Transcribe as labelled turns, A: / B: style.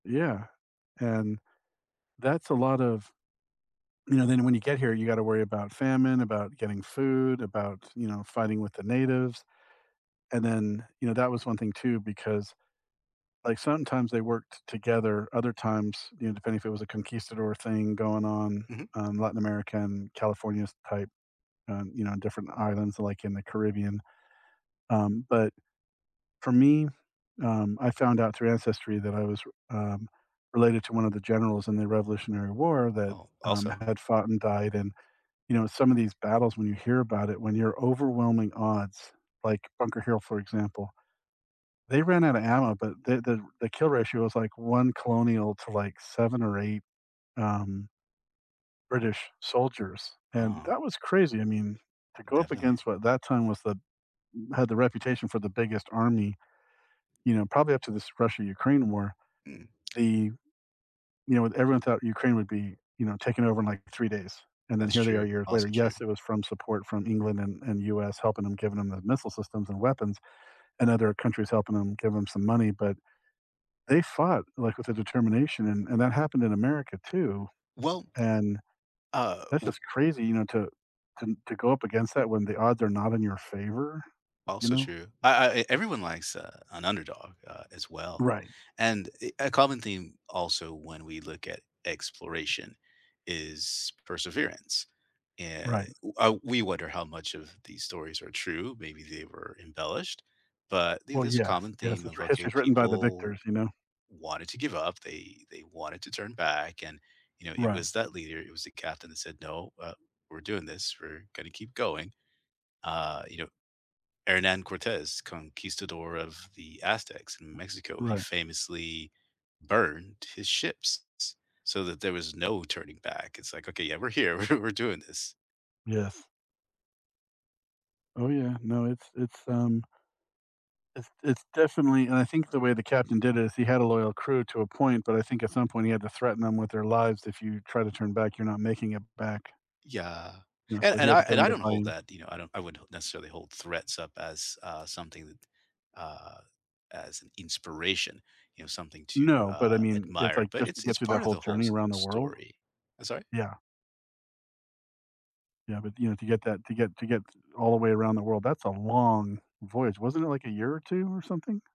A: Yeah, and that's a lot of you know, then when you get here, you gotta worry about famine, about getting food, about, you know, fighting with the natives, and then, you know, that was one thing too, because, like, sometimes they worked together, other times, you know, depending if it was a conquistador thing going on,
B: Mhm.
A: um, Latin America and California s type, um, you know, different islands like in the Caribbean. Um, but for me, um, I found out through ancestry that I was re um, related to one of the generals in the Revolutionary War that,
B: Oh,
A: um,
B: also
A: had fought and died, and, you know, some of these battles when you hear about it, when you're overwhelming odds like Bunker Hill, for example, they ran outta ammo, but the the the kill ratio was like 1 colonial to like 7 or 8, um British soldiers, and
B: Ah.
A: that was crazy. I mean, to go up
B: Definitely.
A: against what that time was the had the reputation for the biggest army. You know, probably up to this Russia-Ukraine war,
B: Mm.
A: the you know, everyone thought Ukraine would be, you know, taken over in like 3 days, and then
B: That's
A: here they are
B: true,
A: years later.
B: also true.
A: Yes, it was from support from England and and US helping 'em, giving 'em the missile systems and weapons, and other countries helping 'em give 'em some money, but they fought, like, with a determination and and that happened in America too,
B: Well
A: and,
B: Uh,
A: that's
B: w
A: just crazy, you know, to to to go up against that when the odds are not in your favor, you
B: Also
A: know?
B: true I I, everyone likes a an underdog, uh, as well,
A: Right.
B: and, eh, a common theme also when we look at exploration is perseverance, eh,
A: Right.
B: uh we wonder how much of these stories are true, maybe they were embellished, but the
A: Well,
B: there's a
A: yes,
B: common theme
A: yes, it's
B: of, okay,
A: history is written by the
B: people
A: victors, you know.
B: wanted to give up, they they wanted to turn back, and, you know, it
A: Right.
B: was that leader, it was the captain that said, "No, uh, we're doing this, we're gonna keep going,” uh, you know. Hernan Cortez, conquistador of the Aztecs in Mexico, he
A: Right.
B: famously burned his ships, s so that there was no turning back, it's like, "Okay, yeah, we're here, we're we're doing this."
A: Yes. Oh yeah, no, it's it's, um it's it's definitely and I think the way the captain did it, is he had a loyal crew to a point, but I think at some point he had to threaten 'em with their lives. "If you try to turn back, you're not making it back."
B: Yeah,
A: Yeah,
B: and
A: so he
B: and
A: had
B: I
A: to get
B: and
A: 'em
B: I
A: to
B: don't
A: buy
B: hold
A: in.
B: that, you know, I don't I wouldn't necessarily hold threats up as, uh, something that, uh, as an inspiration, you know, something to,
A: No, but
B: uh,
A: I mean, it's,
B: admire,
A: like,
B: but
A: just to
B: it's
A: get
B: it's
A: through that
B: part of
A: whole
B: the whole
A: journey
B: s
A: around the world.
B: story. I'm sorry?
A: Yeah. Yeah, but you know, to get that to get to get all the way around the world, that's a long voyage. Wasn't it like a year or 2 or something?